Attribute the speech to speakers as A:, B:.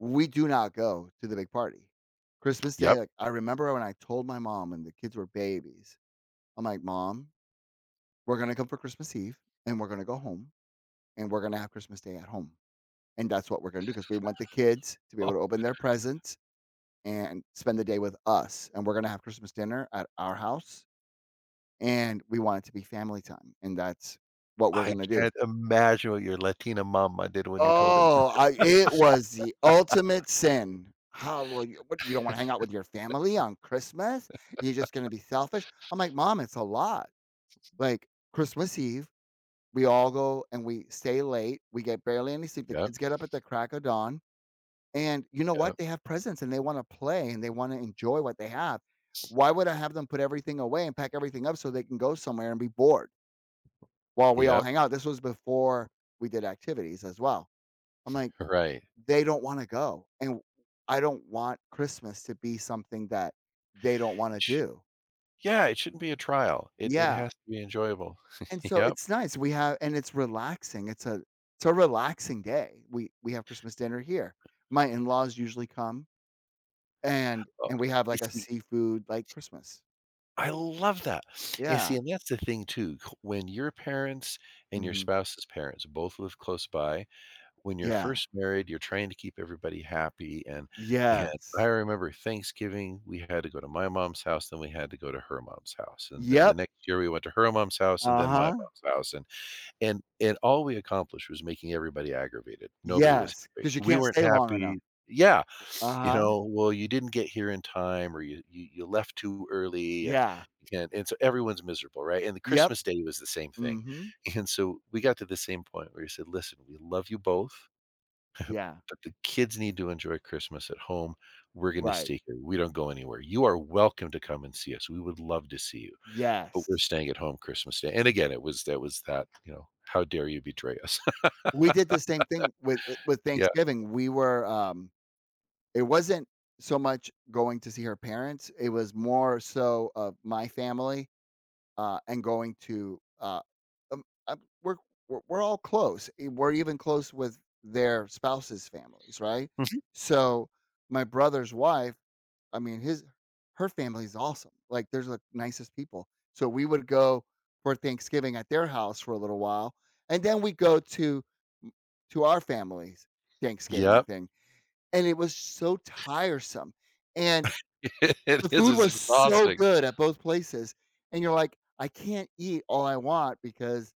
A: We do not go to the big party. Christmas Day,
B: Yep.
A: like, I remember when I told my mom and the kids were babies. I'm, like, "Mom, we're gonna come for Christmas Eve, and we're gonna go home, and we're gonna have Christmas Day at home. And that's what we're gonna do, 'cause we want the kids to be
B: Oh.
A: able to open their presents, and spend the day with us, and we're gonna have Christmas dinner at our house. And we want it to be family time, and that's what we're
B: I
A: gonna do."
B: can't imagine what your Latina mama did when you told her.
A: Oh, I it was the ultimate sin. "How will you what, you don't wanna hang out with your family on Christmas? You're just gonna be selfish?" I'm, like, "Mom, it's a lot, like, Christmas Eve, we all go and we stay late, we get barely any sleep, the
B: Yup.
A: kids get up at the crack of dawn, and you know
B: Yup.
A: what, they have presents, and they wanna play, and they wanna enjoy what they have. Why would I have them put everything away and pack everything up so they can go somewhere and be bored?" while we all
B: Yep.
A: hang out, this was before we did activities as well. I'm, like,
B: Right.
A: "They don't wanna go, and w I don't want Christmas to be something that they don't wanna
B: It sh
A: do."
B: yeah, it shouldn't be a trial. It it
A: Yeah.
B: has to be enjoyable.
A: And so
B: Yep.
A: it's nice, we have and it's relaxing, it's a it's a relaxing day. We we have Christmas dinner here. My in-laws usually come. And
B: Oh,
A: and we have
B: you
A: like a
B: see
A: seafood, like, Christmas.
B: I love that! And
A: Yeah.
B: see, and that's the thing too, c when your parents and your
A: Mhm.
B: spouse's parents both live close by, when you're
A: Yeah.
B: first married, you're trying to keep everybody happy, and and I
A: Yes.
B: remember Thanksgiving, we had to go to my mom's house, then we had to go to her mom's house, and then the
A: Yep.
B: next year we went to her mom's house and then my
A: Uh-huh.
B: mom's house, and, and and all we accomplished was making everybody aggravated. Nobody was
A: Yes,
B: happy.
A: 'cause you
B: We
A: can't
B: weren't
A: stay long enough.
B: happy Yeah. You
A: Uh-huh.
B: know, "Well, you didn't get here in time, or you you you left too early, and
A: Yeah.
B: you can" And so everyone's miserable, right, and the
A: Yep.
B: Christmas Day was the same thing.
A: Mhm.
B: And so we got to the same point where he said, "Listen, we love you both,
A: Yeah.
B: but the kids need to enjoy Christmas at home. We're gonna
A: Right.
B: stay here, we don't go anywhere, you are welcome to come and see us, we would love to see you, but we're
A: Yes.
B: staying at home Christmas Day." And again, it was, that was that, you know, "How dare you betray us?"
A: We did the same thing with uh, with
B: Yeah.
A: Thanksgiving, we were, um, it wasn't so much going to see her parents, it was more so of my family, uh, and going to, uh, um, uh, we're we're we're all close, e we're even close with their spouses' families, right?
B: Mhm.
A: So, my brother's wife, I mean, his her family is awesome, like, there's the nicest people, so we would go for Thanksgiving at their house for a little while, and then we go to m to our family's Thanksgiving
B: Yep.
A: thing. And it was so tiresome, and
B: It
A: the
B: is,
A: food
B: it's
A: was so
B: exhausting.
A: good at both places, and you're, like, "I can't eat all I want because"